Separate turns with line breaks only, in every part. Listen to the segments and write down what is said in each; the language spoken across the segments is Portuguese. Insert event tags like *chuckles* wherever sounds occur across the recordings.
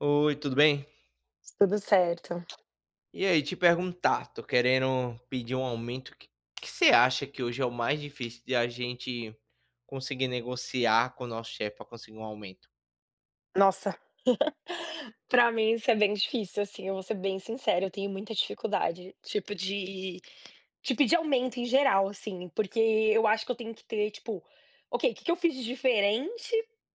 Oi, tudo bem?
Tudo certo.
E aí te perguntar, tô querendo pedir um aumento, o que que você acha que hoje é o mais difícil de a gente conseguir negociar com nosso chefe para conseguir um aumento?
Nossa. *laughs* Pra mim isso é bem difícil, assim, eu vou ser bem sincera, eu tenho muita dificuldade, tipo de de pedir aumento em geral assim. Porque eu acho que eu tenho que ter tipo: "Ok, que que eu fiz de diferente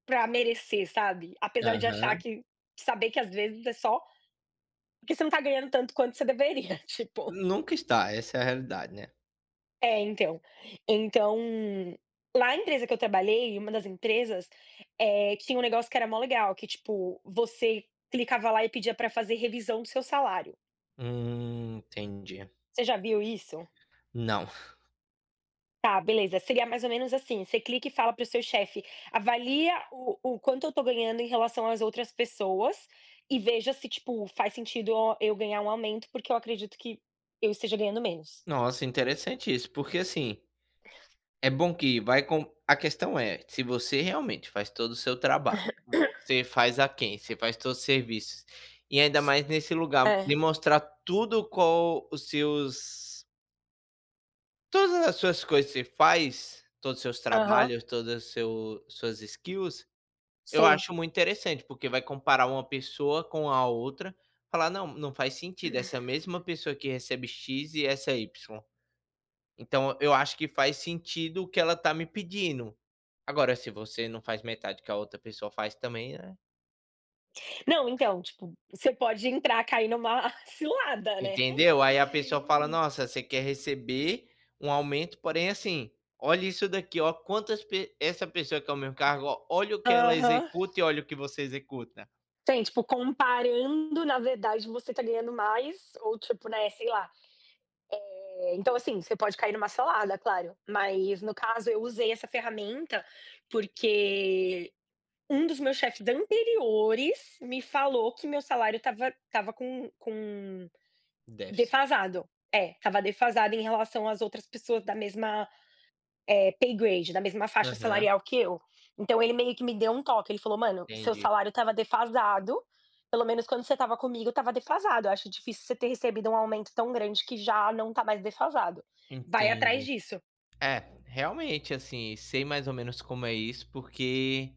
pra merecer", sabe? Apesar de achar
Aham.
que saber que, às vezes é só porque você não está ganhando tanto quanto você deveria, *chuckles* tipo
Nunca está, essa é a realidade, né.
É então então, na empresa que eu trabalhei, uma das empresas, eh, tinha um negócio que era maior legal que tipo, você clicava lá e pedia para fazer revisão do seu salário.
Hum, entendi.
Você já viu isso?
Não.
Tá beleza. Seria mais ou menos assim, você clica e fala para o seu chefe, avalia o o quanto eu estou ganhando em relação às outras pessoas e veja se tipo, faz sentido eu a eu ganhar um aumento. Porque eu acredito que eu esteja ganhando menos.
Nossa interessante isso, porque assim, é bom que vai com a questão é: se você realmente faz todo o seu trabalho,
*clears throat*
você faz aquém, você faz todos os serviços e ainda mais nesse lugar,
É.
me mostrar tudo com os seus Todas as suas coisas que você faz, todos os seus
Aham.
trabalhos, todo o seu suas skills, eu
Sim.
acho muito interessante, porque vai comparar uma pessoa com a outra, falar: "Não, não faz sentido. Essa mesma pessoa que recebe "x" e essa "y". Então, eu acho que faz sentido o que ela está me pedindo." Agora, se você não faz metade que a outra pessoa faz também, né.
Não, então, tipo, você pode entrar cair em uma cilada, né.
Entendeu? Aí, a pessoa fala: "Nossa, você quer receber um aumento, porém, assim, olha isso daqui, ó, quantas pe essa pessoa que é o mesmo cargo, ó, olha o que ela
Aham.
executa e olha o que você executa."
Sim, tipo, comparando, na verdade você está ganhando mais, ou, tipo, né, sei lá. Eh, então, assim, você pode cair em uma cilada claro. Mas no caso eu usei essa ferramenta, porque um dos meus chefes anteriores me falou que meu salário estava estava com com
Déficit.
defasado. É, estava defasado em relação às outras pessoas da mesma paygrade da mesma faixa
Aham.
salarial que eu. Então, ele meio que me deu um toque. Ele falou: "Mano, seu
Entendi.
salário estava defasado. Pelo menos quando você estava comigo estava defasado. Eu acho difícil você ter recebido um aumento tão grande que já não está mais defasado. Vai atrás
Entendi.
disso."
É, realmente, assim, sei mais ou menos como é isso porque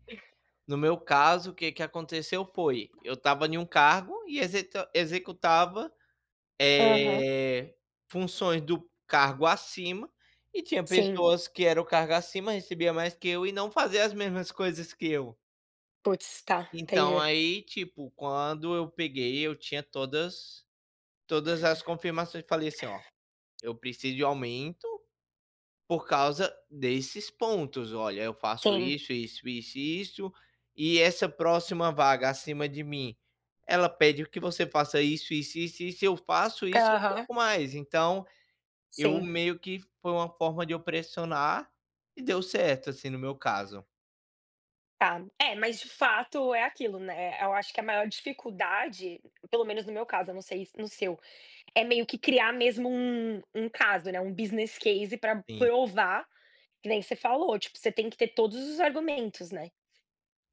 no meu caso o que que aconteceu foi, eu estava em um cargo e exeta executava,
Aham.
eh, funções do cargo acima, e tinha
Sim.
pessoas que era o cargo acima recebia mais que eu e não fazia as mesmas coisas que eu.
Putz, tá,
Então,
entendi
aí, tipo, quando eu peguei eu tinha todas todas as confirmações e falei assim: "Ó, eu preciso de aumento, por causa desses pontos. Olha, eu faço
Sim.
isso, isso, isso e isso, e essa próxima vaga acima de mim, ela pede que você faça isso, isso, isso e isso. Eu faço isso
Tá.
e um
Aham.
pouco mais." Então, eu
Sim.
meio que foi uma forma de eu pressionar, e deu certo, assim, no meu caso.
Tá. É, mas de fato é aquilo, né, eh, eu acho que a maior dificuldade, p pelo menos no meu caso, eu não sei no seu, é meio que criar mesmo um um caso, né, um business case pra
Sim.
provar, que nem você falou, tipo você tem que ter todos os argumentos, né?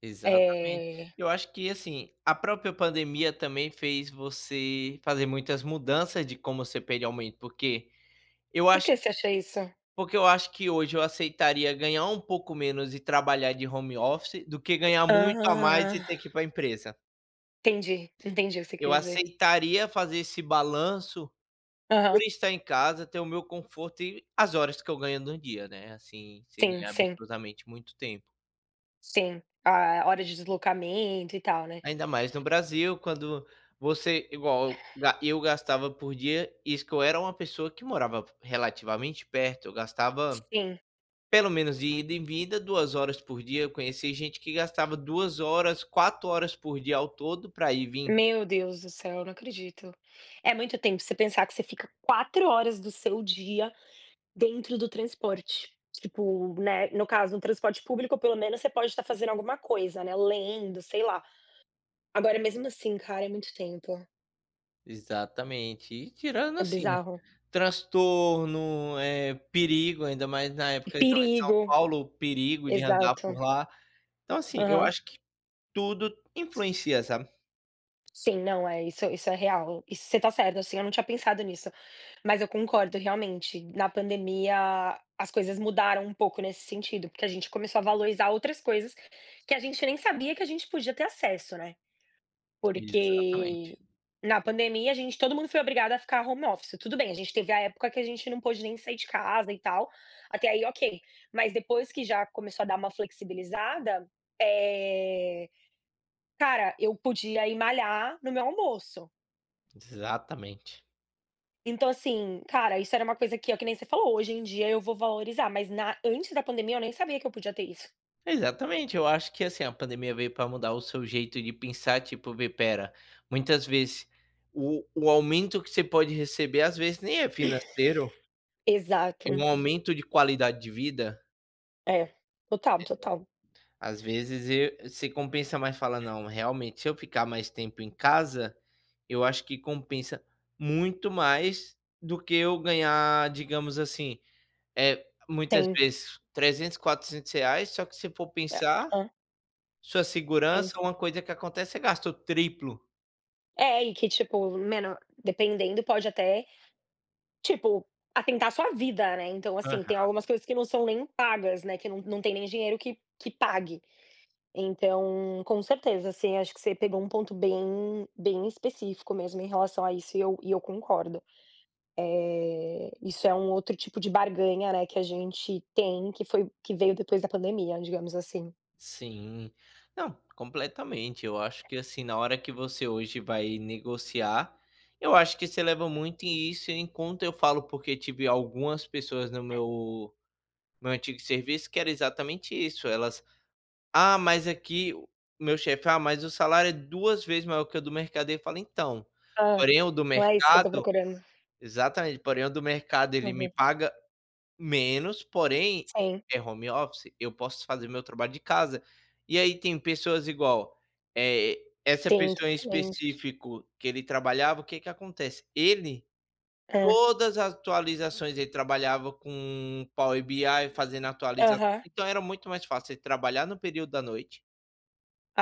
Exatamente.
Eh
Eu acho que, assim, a própria pandemia também fez você fazer muitas mudanças de como você pede aumento porque, eu
Por
acho
que você acha isso?
Porque eu acho que hoje eu aceitaria ganhar um pouco menos e trabalhar de home office, do que ganhar muito a mais e
Hã.
ter que ir para a empresa.
Entendi, entendi o que você
Eu
quis dizer.
aceitaria fazer esse balanço,
Aham.
por estar em casa, ter o meu conforto e as horas que eu ganho no dia, né, assim, sem
Sim,
ganhar
sim.
absurdamente muito tempo.
Sim, a hora de deslocamento e tal, né?
Ainda mais no Brasil quando você igual eu eu gastava por dia, isso que eu era uma pessoa que morava relativamente perto, eu gastava,
Sim.
pelo menos de ida e vinda 2h horas por dia. Eu conheci gente que gastava 2, horas 4 horas por dia, ao todo, pra ir e vim.
Meu Deus do céu, eu não acredito. É muito tempo você pensar que você fica 4 horas do seu dia dentro do transporte. Tipo, né, no caso, no transporte público pelo menos você pode estar fazendo alguma coisa, né, lendo, sei lá. Agora, mesmo assim cara, é muito tempo.
Exatamente, e tirando
É
assim,
bizarro.
transtorno, eh, perigo ainda mais na
E
época eu estava em São
perigo,
Paulo o perigo de andar por
exato.
lá. Então, assim, eu
Aham.
acho que tudo influencia, sabe?
Sim, não é, isso isso é real, e você tá certo, assim, eu não tinha pensado nisso. Mas eu concordo realmente, na pandemia as coisas mudaram um pouco nesse sentido, porque a gente começou a valorizar outras coisas que a gente nem sabia que a gente podia ter acesso, né.
Exatamente.
Porque na pandemia a gente todo mundo foi obrigado a ficar home office, tudo bem, gente teve a época que a gente não pôde nem sair de casa e tal, até aí ok, mas depois que já começou a dar uma flexibilizada, eh, cara, eu podia ir malhar no meu almoço.
Exatamente.
Então assim, cara, isso era uma coisa que é que nem você falou, hoje em dia eu vou valorizar, mas na antes da pandemia eu nem sabia que eu podia ter isso.
Exatamente, eu acho que assim a pandemia veio para mudar o seu jeito de pensar tipo, vê espera, muitas vezes o o aumento que você pode receber às vezes nem é financeiro
*coughs*
é
Exato.
um aumento de qualidade de vida.
É, total,
Eh,
total.
às vezes e se compensa mais falar não, realmente se eu ficar mais tempo em casa, eu acho que compensa muito mais do que eu ganhar, digamos assim, eh, muitas
Tem.
vezes R$300,00, R$400,00 reais, só que se for
É.
pensar,
*unintelligible*
sua segurança,
Fez.
uma coisa que acontece, você gasta o triplo.
É e que tipo, meno dependendo pode até, tipo, atentar a sua vida, né, então, assim, tem
Aham.
algumas coisas que não são nem pagas, né, que não não tem nem dinheiro que que pague. Então, com certeza, assim, acho que você pegou um ponto bem bem específico mesmo em relação a isso e eu e eu concordo. Eh, isso é um outro tipo de barganha, né, que a gente tem que foi que veio depois da pandemia, digamos assim.
Sim, não, completamente eu acho que, assim, na hora que você hoje vai negociar, eu acho que isso eleva muito e isso enquanto eu falo, porque tive algumas pessoas no meu no meu antigo serviço que era exatamente isso, elas: "Ah, mas aqui o meu chefe, ah, mas o salário é duas vezes maior que o do mercado." Eu fala: "Então,
Ah,
porém o do
não é isso que eu estou
mercado"
procurando.
exatamente, "Porém o do mercado ele me
Aham.
paga menos, porém,
Sim.
é home office, eu posso fazer meu trabalho de casa." E aí tem pessoas igual, eh, essa
Sim,
pessoa em
totalmente.
específico que ele trabalhava, o que que acontece. Ele,
Hã.
todas atualizações ele trabalhava com Power BI fazendo atualização
Aham.
então era muito mais fácil você trabalhar no período da noite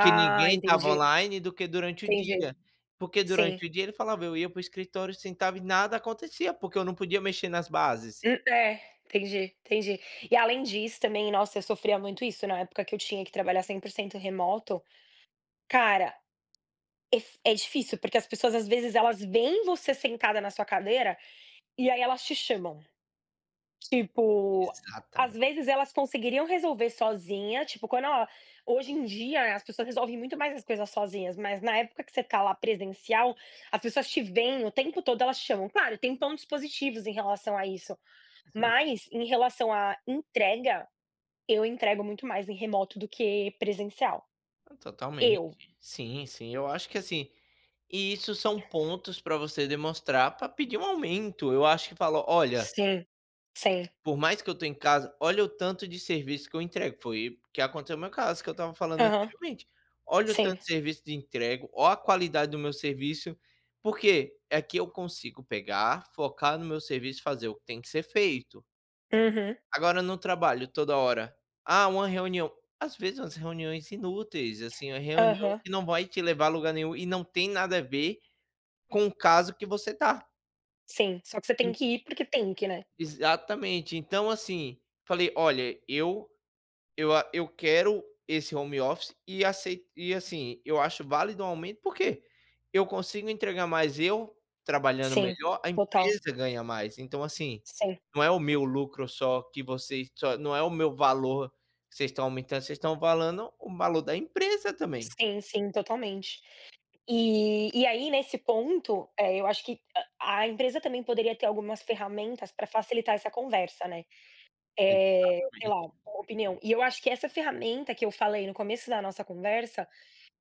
porque ninguém estava
entendi.
online do que durante o
Entendi,
dia, porque
sim.
durante o dia, ele falava: "Eu ia para o escritório, sentava e nada acontecia, porque eu não podia mexer nas bases."
Hum, eh, entendi, entendi. E além disso, também, nossa, eu sofria muito isso na época que eu tinha que trabalhar 100% remoto. Cara, é f difícil porque as pessoas às vezes elas veem você sentada na sua cadeira, e aí elas te chamam. Tipo, às
Exatamente.
vezes, elas conseguiriam resolver sozinha, tipo, quando ela hoje em dia as pessoas resolvem muito mais as coisas sozinhas, mas na época que você está lá presencial, as pessoas te veem, o tempo todo elas chamam, claro, tem pontos positivos em relação a isso,
Sim.
mas em relação à entrega, eu entrego muito mais em remoto do que presencial.
Totalmente.
Eu.
Sim, sim. Eu acho que, assim, isso são pontos para você demonstrar para pedir um aumento, eu acho que fala "Olha"
Sim, sim.
"por mais que eu estou em casa, olha o tanto de serviço que eu entrego." Foi o que aconteceu no meu caso que eu estava falando
Aham.
anteriormente. Olha o tanto
sim.
de serviço de entrego, olha a qualidade do meu serviço, por quê? Aqui eu consigo pegar, focar no meu serviço e fazer o que tem que ser feito.
Uhum.
Agora no trabalho toda hora: "Ah, uma reunião". Às vezes umas reuniões inúteis, assim, uma reunião
Aham.
que não vai te levar a lugar nenhum e não tem nada a ver com o caso que você tá.
Sim, só que você tem que ir porque tem que, né.
Exatamente. Então, assim, falei: "Olha, eu eu a eu quero esse home office e acei e, assim, eu acho válido um aumento, por quê? Eu consigo entregar, mas eu trabalhando
Sim,
melhor, a
total.
empresa ganha mais, então assim,
Sim.
não é o meu lucro só que vocês só não é o meu valor que vocês estão aumentando. Vocês estão falando o valor da empresa também".
Sim, sim, totalmente. E e aí nesse ponto, eh, eu acho que a a empresa também poderia ter algumas ferramentas pra facilitar essa conversa, né, eh, sei lá,
Exatamente.
uma opinião. E eu acho que essa ferramenta que eu falei no começo da nossa conversa,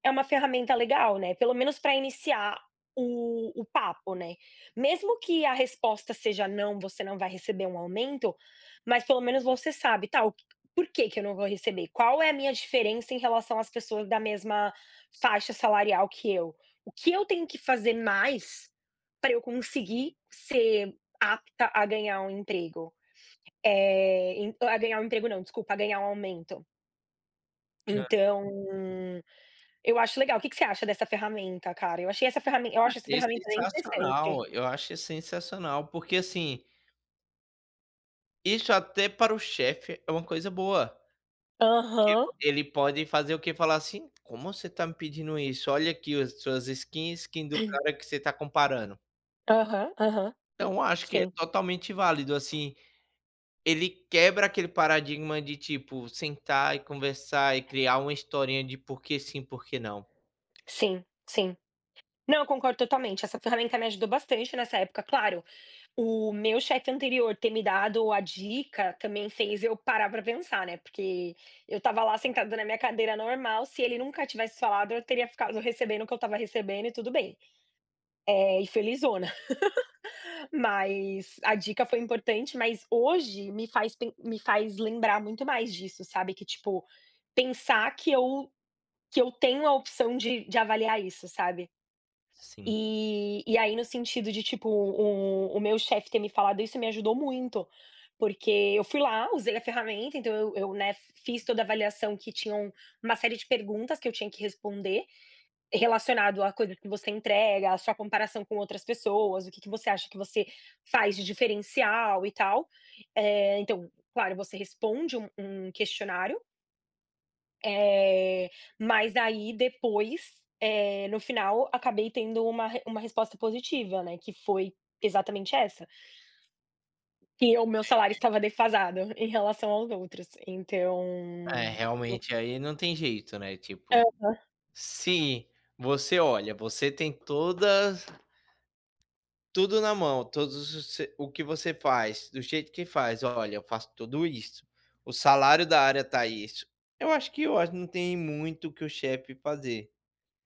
é uma ferramenta legal, né, pelo menos pra iniciar o o papo, né. Mesmo que a resposta seja: "Não, você não vai receber um aumento", mas pelo menos você sabe. "Tá, por que que eu não vou receber? Qual é a minha diferença em relação às pessoas da mesma faixa salarial que eu? O que eu tenho que fazer mais pra eu conseguir ser apta a ganhar um emprego?". Eh, en a ganhar um emprego não, desculpa, a ganhar um aumento.
Hã.
Então, eu acho legal. O que você acha dessa ferramenta, cara? Eu achei essa ferramen eu acho essa
Achei
ferramenta interessante.
sensacional, eu acho sensacional, porque assim Isso até para o chefe é uma coisa boa,
Aham.
tipo, ele pode fazer o quê? Falar assim: "Como você está me pedindo isso? Olha aqui as suas skin, skin do cara que você está comparando."
Aham, aham.
Então acho que é
Sim.
totalmente válido, assim, ele quebra aquele paradigma de, tipo, sentar e conversar e criar uma historinha de porque sim, porque não.
Sim, sim. Não, eu concordo totalmente, essa ferramenta me ajudou bastante nessa época, claro, o meu chefe anterior ter me dado a dica, também fez eu parar p ra pensar, né. Porque eu estava lá sentado na minha cadeira normal, se ele nunca tivesse falado eu teria ficado recebendo o que eu estava recebendo e tudo bem. Eh, e felizona, *laughs* mas a dica foi importante, mas hoje me faz pe me faz lembrar muito mais disso sabe que, tipo, pensar que eu que eu tenho a opção de de avaliar isso, sabe.
Sim.
E e aí no sentido de, tipo, o o meu chefe ter me falado isso me ajudou muito, porque eu fui lá, usei a ferramenta, então, eu eu, né, fiz toda a avaliação que tinham uma série de perguntas que eu tinha que responder, relacionado à coisa que você entrega, à sua comparação com outras pessoas, o que que você acha que você faz de diferencial e tal. Eh, então, claro você responde um um questionário. Eh, mas, aí depois, eh, no final, acabei tendo uma uma resposta positiva, né, que foi exatamente essa que o meu salário
*unintelligible*
estava defasado, em relação aos outros. Então,
É,
o
realmente, aí não tem jeito, né, tipo
Aham.
Se você olha, você tem todas tudo na mão, todos os se o que você faz, do jeito que faz: "Olha, eu faço tudo isso. O salário da área tá isso." Eu acho que eu acho que não tem muito o que o chefe fazer,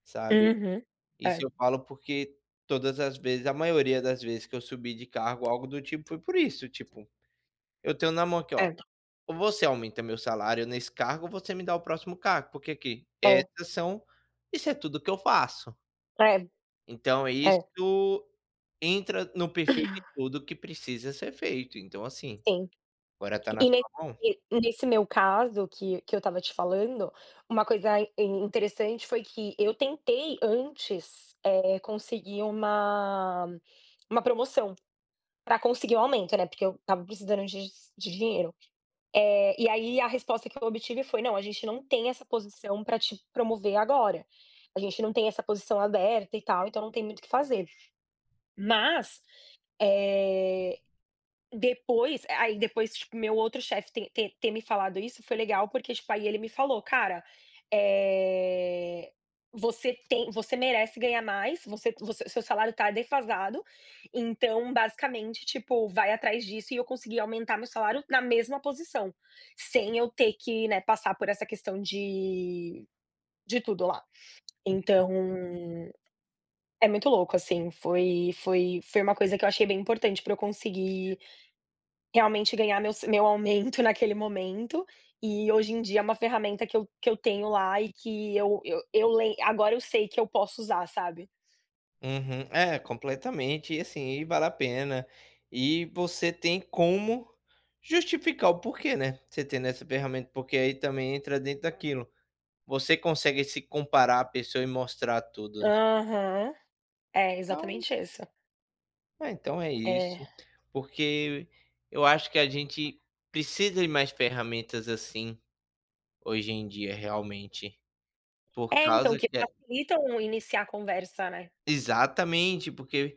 sabe.
Uhum.
Isso
É.
eu falo porque, todas as vezes a maioria das vezes, que eu subi de cargo ou algo do tipo foi por isso, tipo: "Eu tenho na mão aqui, ó,
Certo.
ou você aumenta meu salário nesse cargo ou você me dá o próximo cargo. porque, aqui,
É.
essas são isso é tudo que eu faço."
É,
Então, isso
é.
entra no perfil de tudo que precisa ser feito. Então, assim,
Sim.
agora tá na
E ne
sua mão.
e nesse meu caso que que eu estava te falando, uma coisa interessante foi que eu tentei antes, é, conseguir uma uma promoção, para conseguir o aumento, né, porque eu estava precisando dis de dinheiro. Eh, e aí, a resposta que eu obtive foi: "Não, a gente não tem essa posição para te promover agora. A gente não tem essa posição aberta e tal. Então, não tem muito o que fazer." Mas, eh, depois aí aí, depois, tipo, meu outro chefe te te ter me falado isso foi legal porque, tipo, aí ele me falou: "Cara, eh, você tem você merece ganhar mais. Você você seu seu salário está defasado, então, basicamente, tipo, vai atrás disso." E eu consegui aumentar meu salário na mesma posição, sem eu ter que, né, passar por essa questão de de tudo lá.
Uhum.
Então, é muito louco, assim, foi foi foi uma coisa que eu achei bem importante para eu conseguir, realmente, ganhar meu sa meu aumento naquele momento. E, hoje em dia, é uma ferramenta que eu que eu tenho lá e que eu eu eu lei agora eu sei que eu posso usar, sabe.
Uhum. É, completamente, e assim, e vale a pena. E, você tem como justificar o porquê, né, você tendo essa ferramenta, porque aí, também, entra dentro daquilo. Você consegue se comparar à pessoa e mostrar tudo, né?
Aham. É,
Então
exatamente essa.
É, então é
É.
isso. Porque eu acho que a gente precisa de mais ferramentas, assim, hoje em dia realmente, por
É, então,
causa
que
que
facilitam um iniciar a conversa, né?
Exatamente, porque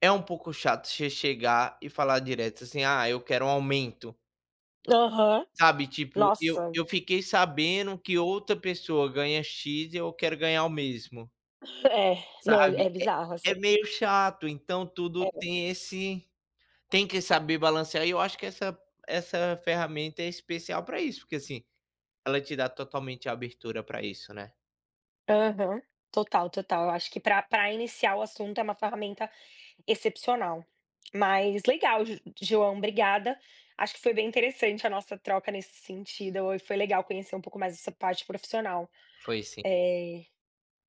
é um pouco chato você chegar e falar direto, assim: "Ah, eu quero um aumento".
Aham.
Sabe, tipo, eu
Nossa!
eu fiquei sabendo que outra pessoa ganha "x" e eu quero ganhar o mesmo
É. Não, é
sabe? É
bizarro, assim.
é meio chato, então tudo
É.
tem esse tem que saber balancear, e eu acho que essa essa ferramenta é especial para isso porque, assim, ela te dá totalmente a abertura para isso, né?
Aham, total, total! Eu acho que pra pra iniciar o assunto, é uma ferramenta excepcional. Mas, legal Jo João, obrigada! Acho que foi bem interessante a nossa troca, nesse sentido. Foi legal conhecer um pouco mais essa parte profissional.
Foi sim.
Eh,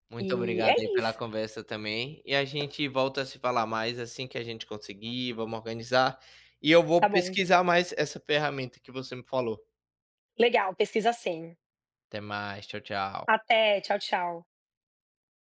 Muito
e
obrigado, aí,
é
pela
isso.
conversa também, e a gente volta a se falar mais, assim que a gente conseguir. Vamos organizar, e eu vou
Tá bom!
pesquisar mais essa ferramenta que você me falou.
Legal, pesquisa sim!
Até mais, tchau tchau.
Até, tchau tchau.